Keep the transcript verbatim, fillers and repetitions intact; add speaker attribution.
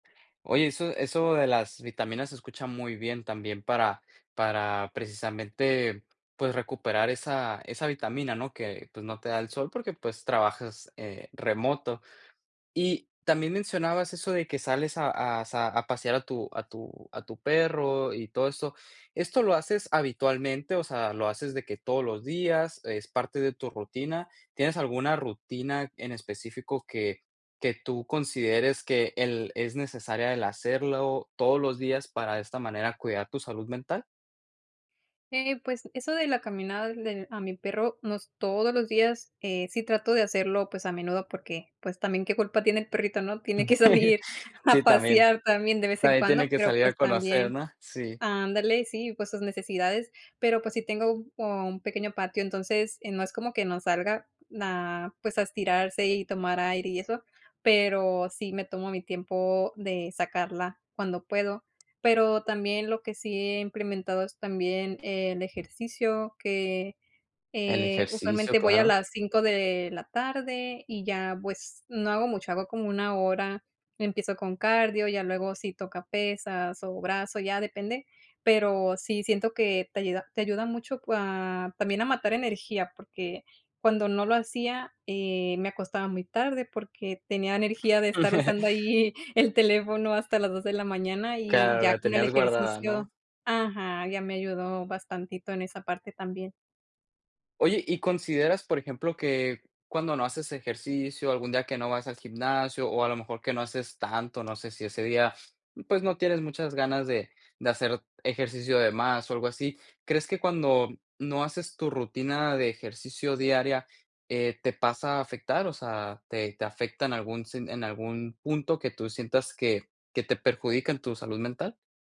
Speaker 1: Oye, eso eso de las vitaminas se escucha muy bien, también para para precisamente, pues, recuperar esa esa vitamina, ¿no?, que, pues, no te da el sol, porque pues, trabajas, eh, remoto. Y también, mencionabas eso de que sales a a sa a pasear a tu a tu a tu perro, y todo eso. ¿Esto lo haces habitualmente? O sea, ¿lo haces de que todos los días? ¿Es parte de tu rutina? ¿Tienes alguna rutina en específico, que que tú consideres que el es necesaria, el hacerlo todos los días, para, de esta manera, cuidar tu salud mental?
Speaker 2: Eh, pues, eso de la caminada del a mi perro, no es todos los días, eh, sí trato de hacerlo, pues, a menudo, porque, pues, también qué culpa tiene el perrito, ¿no? Tiene que salir, a
Speaker 1: Sí, también.
Speaker 2: pasear también, de vez en
Speaker 1: También
Speaker 2: cuando,
Speaker 1: tiene que
Speaker 2: pero,
Speaker 1: salir
Speaker 2: pues,
Speaker 1: a conocer,
Speaker 2: también
Speaker 1: ¿no? Sí.
Speaker 2: Ándale, sí, pues, sus necesidades. Pero, pues sí tengo como un pequeño patio, entonces, eh, no es como que no salga, ah, pues, a estirarse y tomar aire y eso, pero sí me tomo mi tiempo de sacarla cuando puedo. Pero también lo que sí he implementado es también el ejercicio, que,
Speaker 1: El
Speaker 2: eh,
Speaker 1: ejercicio,
Speaker 2: usualmente voy a
Speaker 1: claro.
Speaker 2: las cinco de la tarde, y ya pues, no hago mucho. Hago como una hora, empiezo con cardio, ya luego si toca pesas, o brazo, ya depende, pero, sí siento que te ayuda te ayuda mucho cua también a matar energía, porque, cuando no lo hacía, eh, me acostaba muy tarde, porque, tenía energía de estar usando ahí el teléfono, hasta las dos de la mañana, y
Speaker 1: Claro,
Speaker 2: ya
Speaker 1: la
Speaker 2: con el
Speaker 1: tenías guardada, ¿no?
Speaker 2: ejercicio Ajá, ya me ayudó bastantito, en esa parte también.
Speaker 1: Oye, y consideras, por ejemplo, que cuando no haces ejercicio, algún día que no vas al gimnasio, o a lo mejor, que no haces tanto, no sé, si ese día, pues, no tienes muchas ganas de de hacer ejercicio de más, o algo así, ¿crees que cuando no haces tu rutina de ejercicio diaria, eh, te pasa a afectar? O sea, ¿te te afecta en algún sen en algún punto que tú sientas que que te perjudica en tu salud mental?